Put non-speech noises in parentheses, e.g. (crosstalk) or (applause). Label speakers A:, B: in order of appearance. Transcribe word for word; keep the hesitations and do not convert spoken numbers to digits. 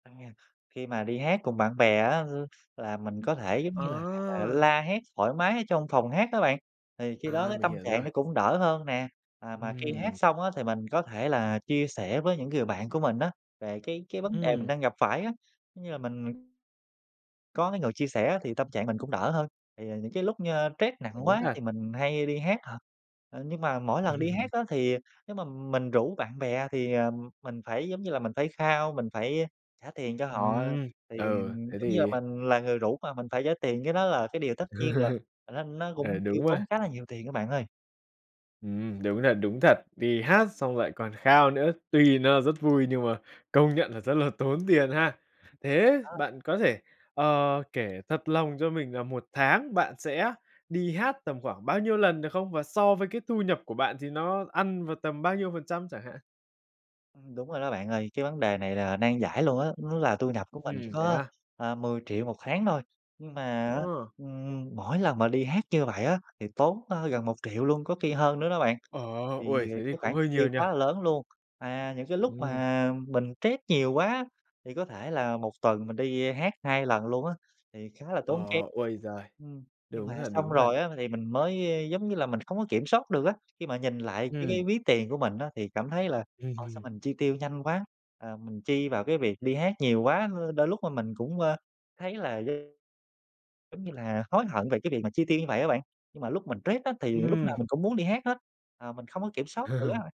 A: À, khi mà đi hát cùng bạn bè á, l là mình có thể, giống như là,
B: Ờ.
A: la hét thoải mái ở trong phòng hát á bạn, thì khi đó
B: À,
A: cái
B: mình
A: tâm
B: hiểu
A: trạng
B: rồi.
A: nó cũng đỡ hơn nè. À, mà khi hát
B: Ừm.
A: xong á, thì mình có thể là chia sẻ với những người bạn của mình á, về cái cái vấn đề mình
B: Ừm.
A: đang gặp phải á. Giống như là mình có cái người chia sẻ á, thì tâm trạng mình cũng đỡ hơn. Thì, à, những cái lúc như trét nặng
B: Đúng
A: quá
B: thật.
A: thì mình hay đi hát thật. Ờ, nhưng mà mỗi lần đi hát
B: (chuckles)
A: á, thì nếu mà mình rủ bạn bè thì, ờm, mình phải, giống như là, mình phải khao, mình phải trả tiền cho họ.
B: Ừm,
A: Thì,
B: ừ,
A: ừm,
B: thế
A: giống như là,
B: thì
A: mình là người rủ mà mình phải trả tiền, cái đó là cái điều tất nhiên rồi,
B: (laughs)
A: và nó nó
B: Ừ,
A: cũng tiêu
B: đúng rồi.
A: tốn khá là nhiều tiền á bạn ơi.
B: Ừm, đúng thật, đúng thật. Đi hát xong lại còn khao nữa, tuy nó rất vui nhưng mà công nhận là rất là tốn tiền ha. Thế
A: Ờ.
B: bạn có thể, ờ, kể thật lòng cho mình là một tháng bạn sẽ đi hát tầm khoảng bao nhiêu lần được không? Và so với cái thu nhập của bạn thì nó ăn vào tầm bao nhiêu phần trăm chẳng hạn?
A: Ừm, đúng rồi đó bạn ơi. Cái vấn đề này là nan giải luôn á, nó là thu nhập của mình chỉ
B: Ừm, thế
A: có,
B: à?
A: ờ, mười triệu một tháng thôi, nhưng mà á,
B: Ờ.
A: ừm, mỗi lần mà đi hát như vậy á, thì tốn, ơ, gần một triệu luôn, có khi hơn nữa đó bạn,
B: Ờ,
A: thì
B: ôi, thế thì
A: cái
B: cũng
A: khoản chi
B: hơi nhiều
A: tiêu
B: nhỉ?
A: quá là lớn luôn. À, những cái lúc
B: Ừm.
A: mà mình trét nhiều quá thì có thể là một tuần mình đi, ơ, hát hai lần luôn á, thì khá là
B: Ờ,
A: tốn kém.
B: ôi giời.
A: Ừm, nhưng mà
B: Đúng thật,
A: xong
B: đúng thật.
A: rồi á m thì mình mới, ơ, giống như là, mình không có kiểm soát được á, khi mà nhìn lại cái
B: Ừm.
A: cái ví tiền của mình á, thì cảm thấy là,
B: Ừm,
A: ủa, sao
B: ừm.
A: mình chi tiêu nhanh quá. À, mình chi vào cái việc đi hát nhiều quá, l đôi lúc mà mình cũng, ơ, thấy là (unintelligible) giống như là, hối hận về cái việc mà chi tiêu như vậy á bạn, nhưng mà lúc mình trét á thì lúc nào
B: Ừm.
A: mình cũng muốn đi hát hết, à, mình không có kiểm soát được á.
B: (chuckles)